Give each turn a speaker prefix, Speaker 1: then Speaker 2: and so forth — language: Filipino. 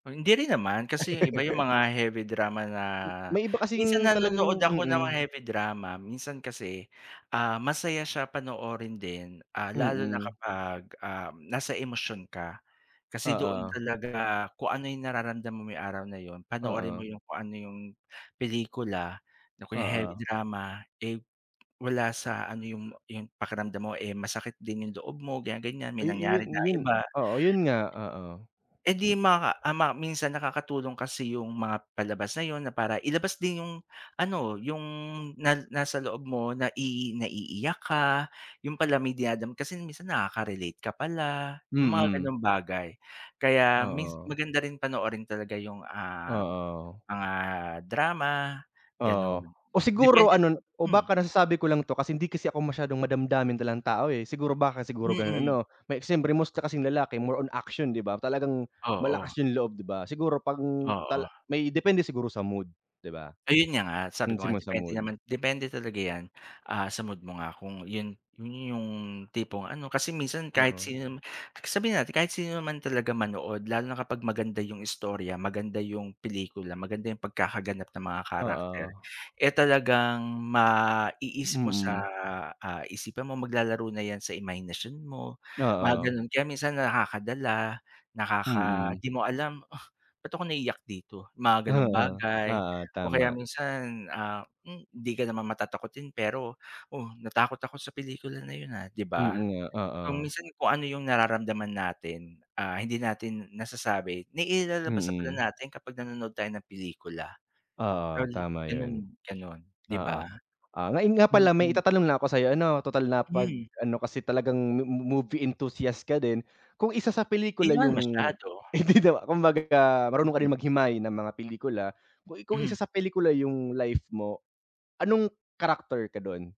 Speaker 1: Hindi rin naman kasi yung iba yung mga heavy drama na
Speaker 2: Hmm, May iba
Speaker 1: minsan
Speaker 2: kasing
Speaker 1: nanonood
Speaker 2: talagang
Speaker 1: ako ng mga
Speaker 2: mm.
Speaker 1: heavy drama minsan kasi, ah, masaya siya panoorin din, ah, lalo na
Speaker 2: Mm.
Speaker 1: kapag, ah, nasa emosyon ka. Kasi doon
Speaker 2: Oo.
Speaker 1: talaga kung ano yung nararamdam mo may araw na 'yon, panoorin mo
Speaker 2: Oo.
Speaker 1: yung kung ano yung pelikula na kunya heavy
Speaker 2: Oo.
Speaker 1: drama, eh, wala sa ano yung yung pakiramdam mo, eh, masakit din yung loob mo ganyan, ganyan may
Speaker 2: Ay,
Speaker 1: nangyari
Speaker 2: ayun
Speaker 1: na
Speaker 2: ayun
Speaker 1: iba.
Speaker 2: oo 'yon nga, oo.
Speaker 1: Eh, di maka, ah, ma minsan nakakatulong kasi yung mga palabas na 'yon na para ilabas din yung ano, yung na nasa loob mo nai naiiyak ka, 'yon pala may dinadam kasi minsan nakaka-relate ka pala, yung mga
Speaker 2: Mm.
Speaker 1: ganong bagay. Kaya mins
Speaker 2: Oo.
Speaker 1: maganda rin panoorin talaga yung, ah,
Speaker 2: Oo.
Speaker 1: mga drama,
Speaker 2: Oo,
Speaker 1: gano'n.
Speaker 2: o siguro
Speaker 1: Depende
Speaker 2: ano o
Speaker 1: hmm.
Speaker 2: baka nasasabi ko lang to kasi hindi kasi ako masyadong madamdamin talagang tao, eh, siguro baka siguro gano'n
Speaker 1: Mm.
Speaker 2: ano? May siyempre mostly kasing lalaki more on action 'di ba? Talagang
Speaker 1: Oo.
Speaker 2: malakas yung loob di ba? Siguro pang tal
Speaker 1: Oo.
Speaker 2: may depende siguro sa mood, 'di ba?
Speaker 1: Ayun niya nga sabi ko nga
Speaker 2: Minsan na sa
Speaker 1: depende
Speaker 2: mood.
Speaker 1: naman depende talaga yan, ah, sa mood mo nga kung 'yon 'yon yung tipong ano kasi minsan kahit
Speaker 2: Mm.
Speaker 1: sino naman, sabihin natin kahit sino naman talaga manood lalo na kapag maganda yung istorya, maganda yung pelikula, maganda yung pagkakaganap ng mga character,
Speaker 2: Oo.
Speaker 1: eh, talagang maiisip mo sa,
Speaker 2: Mm.
Speaker 1: ah, isipan mo maglalaro na yan sa imahinasyon mo, mga
Speaker 2: Oo.
Speaker 1: ganon. Kaya minsan, nakakadala nakaka
Speaker 2: Mm.
Speaker 1: di mo alam, "Ugh, ba't ako naiiyak dito?" Mga ganong
Speaker 2: Oo,
Speaker 1: bagay
Speaker 2: oo
Speaker 1: o kaya
Speaker 2: tama.
Speaker 1: minsan, ah, hmm, hindi ka naman matatakotin pero, "Oh natakot ako sa pelikula na 'yon, ah," 'di
Speaker 2: Mm,
Speaker 1: ba?
Speaker 2: nga
Speaker 1: So,
Speaker 2: oo.
Speaker 1: minsan kung ano yung nararamdaman natin, ah, hindi natin nasasabi nailalabas na pala
Speaker 2: Mm.
Speaker 1: natin kapag nanonood tayo ng pelikula,
Speaker 2: Oo,
Speaker 1: ol
Speaker 2: tama
Speaker 1: gano'n
Speaker 2: 'yon.
Speaker 1: gano'n, 'di
Speaker 2: Oo,
Speaker 1: ba?
Speaker 2: ah, ngayon nga pala may
Speaker 1: Mm.
Speaker 2: itatanong lang ako sa'yo ano, total na 'pag
Speaker 1: Hmm.
Speaker 2: ano kasi talagang mo movie enthusiast ka din. Kung isasa
Speaker 1: 'Di
Speaker 2: pelikula
Speaker 1: naman
Speaker 2: yung
Speaker 1: masyado.
Speaker 2: [unintelligible] kumbaga marunong ka
Speaker 1: Mm.
Speaker 2: rin maghimay ng mga pelikula kung kung
Speaker 1: Hmm.
Speaker 2: isa sa pelikula yung life mo, anong character ka do'n?